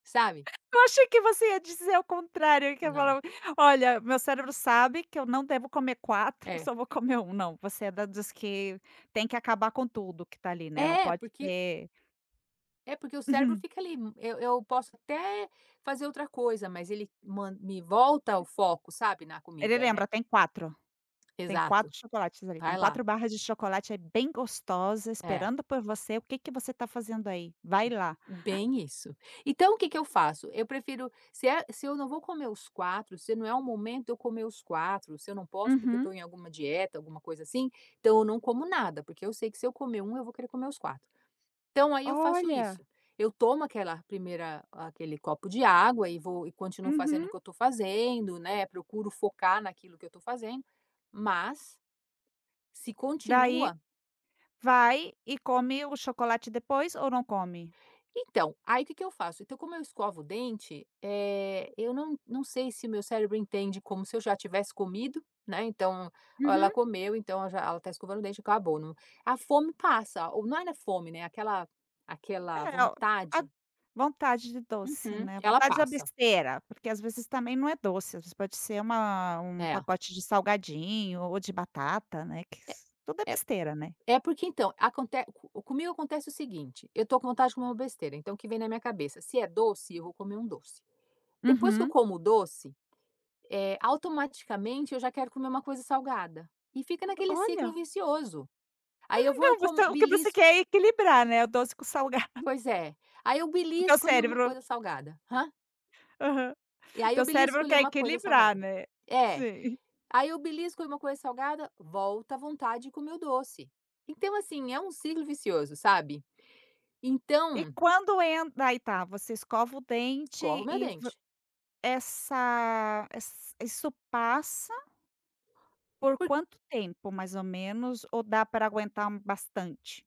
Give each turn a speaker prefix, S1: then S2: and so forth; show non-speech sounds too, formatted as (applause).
S1: Sabe?
S2: (laughs) Eu achei que você ia dizer ao contrário, que ia
S1: Não.
S2: falar: "Olha, meu cérebro sabe que eu não devo comer 4,
S1: É.
S2: só vou comer 1". Não, você é da dos que tem que acabar com tudo que tá ali, né, não
S1: É,
S2: pode
S1: porque
S2: ter
S1: É, porque o cérebro
S2: (chuckles)
S1: fica ali, hum, eu eu posso até fazer outra coisa, mas ele man me volta ao foco, sabe, na
S2: Ele
S1: comida, né.
S2: lembra, tem 4. Tem
S1: Exato,
S2: 4 chocolates ali,
S1: vai
S2: tem
S1: lá.
S2: 4 barras de chocolate, é bem gostosa,
S1: É.
S2: esperando por você, o que que você tá fazendo aí? Vai lá.
S1: Bem isso. Então, o que que eu faço: eu prefiro se é se eu não vou comer os 4, se não é o momento de eu comer os 4, se eu não posso, porque eu tô
S2: Uhum.
S1: em alguma dieta, alguma coisa assim, então eu não como nada. Porque eu sei que, se eu comer 1, eu vou querer comer os 4. Então aí eu faço
S2: Olha.
S1: isso, eu tomo aquela primeira aquele copo de água e vou e continuo fazendo o
S2: Uhum.
S1: que eu tô fazendo, né, procuro focar naquilo que eu estou fazendo, mas se
S2: Daí,
S1: continua
S2: vai e come o chocolate depois ou não come?
S1: Então, aí o que que eu faço? Então como eu escovo o dente, eh, eu não não sei se o meu cérebro entende como se eu já tivesse comido, né. Então: "Ah ela
S2: Uhum.
S1: comeu, então ela já ela tá escovando o dente, acabou". Não. A fome passa. O não não era fome, né, aquela aquela
S2: É o a
S1: vontade
S2: vontade de doce,
S1: Uhum.
S2: né,
S1: Ela
S2: vontade de a
S1: passa.
S2: besteira, porque as vezes também não é doce, as vezes pode ser uma um
S1: É.
S2: pacote de salgadinho ou de batata, né, que
S1: É
S2: s tudo é
S1: é
S2: besteira, né.
S1: é, porque, então, aconte co comigo acontece o seguinte, eu tô com vontade de comer uma besteira, então, o que vem na minha cabeça? Se é doce eu vou comer um doce. Depois que eu
S2: Uhum.
S1: como o doce, eh, automaticamente eu já quero comer uma coisa salgada, e fica naquele ciclo
S2: Olha.
S1: vicioso. Aí eu vou e
S2: Não,
S1: como
S2: você o que você
S1: belisco
S2: quer é equilibrar, né, o doce com salgado. (chuckles)
S1: Pois é, aí eu
S2: O teu
S1: belisco ali uma
S2: cérebro
S1: coisa salgada. Hã?
S2: Aham.
S1: E aí,
S2: Teu
S1: eu belisco
S2: cérebro
S1: ali
S2: quer
S1: uma coisa
S2: equilibrar,
S1: salgada
S2: né,
S1: É.
S2: sim. (chuckles)
S1: Aí eu belisco ali uma coisa salgada, volta a vontade de comer o doce. Então, assim, é um ciclo vicioso, sabe.
S2: E
S1: Então
S2: quando en daí tá, você escova o
S1: Escovo o
S2: dente
S1: meu
S2: e v
S1: dente.
S2: essa ess isso passa por
S1: Por
S2: quanto tempo mais ou menos, ou dá pra aguentar um bastante?